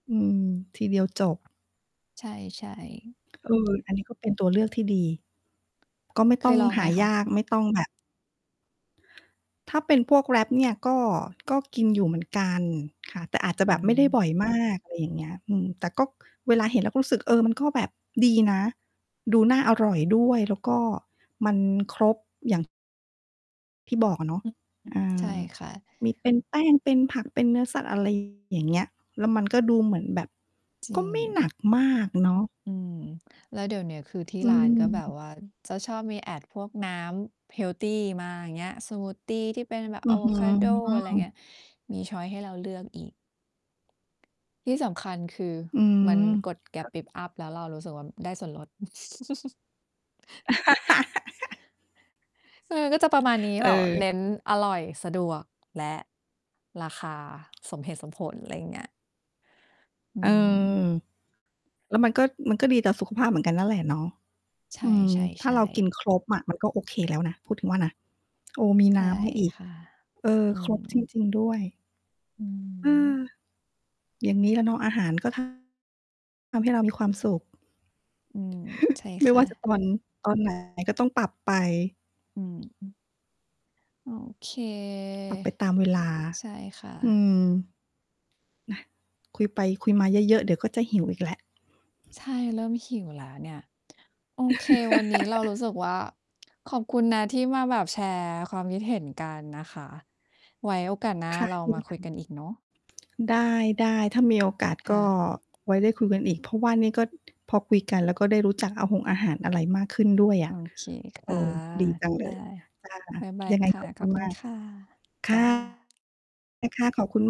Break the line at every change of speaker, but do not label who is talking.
อืม ทีเดียวจบ
ใช่ ๆ
เออ อันนี้ก็เป็นตัวเลือกที่ดี ก็ไม่
เ
ต
ค
้อ
ย
ง
ลอง
ห
ไหม
า
ค
ย
ะ?
าก ไม่ต้องแบบ ถ้าเป็นพวกแร็ปเนี่ยก็ ก็กินอยู่เหมือนกันค่ะ แต่อาจจะ
อื
แบบไม่ได้บ
ม
่อย มาก อะไรอย่างเงี้ย อืม แต่ก็เวลาเห็นเราก็รู้สึก เออ มันก็แบบดีนะ ดูน่าอร่อยด้วย แล้วก็มันครบ อย่าง ที่บอกอะเนาะ
อือ อื
อ
ม ใช่
า
ค่ะ
มีเป็นแป้ง เป็นผัก เป็นเนื้อสัตว์อะ ไร อย่างเงี้ย แล้วมันก็ดูเหมือนแบบ
จร
ก็
ิ
ไม่หนั
ง
กมากเนาะ
อืม แล้วเดี๋ยวเนี้ย คือที่
อื
ร้านก็แบบ
ม
ว่าจะชอบมี Add พวกน้ำเฮลทีมาอย่างเงี้ย สมูททีที่เป็นแบบ
อื
อ
้
า
อ
โ
ฮ
ว
ื
คาโด อะไร
อ
เงี้ย มี ชอยซ์ ให้เราเลือกอีก ที่สำคัญ คือ
อืม
มันกดแกร
ก
๊
็
บปิ๊บอัพ แล้วเรารู้สึกว่าได้ส่วนลด เออ ก็จะประมาณนี้
เ
แบบ
ออ
เน้นอร่อย สะดวก และราคาสมเหตุสมผล อะไรอย่างเงี้ย อื
เอ
ม
อ แล้วมันก็ มันก็ดีต่อสุขภาพเหมือนกันนั่นแหละเนาะ
ใช
อืม ถ้าเร
่
ากิน
ๆ ๆ
ครบอะ มันก็โอเคแล้วนะ พูดถึงว่านะ โอ มี
ใช
น
่
้ำมาอีก
ค่ะ
เออ
อื
ครบจ
ม
ริง ๆ ด้วย
อือฮ
อืม
ึ
อย่างนี้แหละเนาะ อาหารก็ ทำ ให้เรามีความสุข
อืม ใช่
ไม่
ค
ว
่ะ
่าจะตอน ตอน ไหน ก็ต้องปรับไป
อือฮึ โอเค
ปรับไปตามเวลา
ใช่ค
อื
ะ
ม น่ะ คุยไปคุยมาเยอะ ๆ เดี๋ยวก็จะหิวอีกแหละ
ใช่ เริ่มหิวแล้วเนี่ย โอเค วันนี้เรารู้สึกว่า ขอบคุณนะที่มาแบบแชร์ความคิดเห็นกันนะคะ ไว้โอกาสหน้า
ค่ะ
เรา
เช่
ม
น
าค
ก
ุ
ั
ย
น
กันอีกเนาะ
ได้ ๆ ถ้ามีโอกาส
ค
ก
่
็
ะ
ไว้ได้คุยกันอีก เพราะว่านี่ ก็ พอคุยกัน แล้วก็ได้รู้จักอาหงอาหารอะไรมากขึ้นด้วยอ
โอ
ะ
เค ค
เอ
่ะ
อ ดีจังเล
ได้
ย จ้ะ
บ๊ายบาย
ยังไง
ค่
ข
ะ
อบ
ข
คุ
อ
ณ
บคุ
ม
ณ
าก
ค่ะ
ค
จ
่ะ
้า
ได้ค่ะ ขอบคุณ ม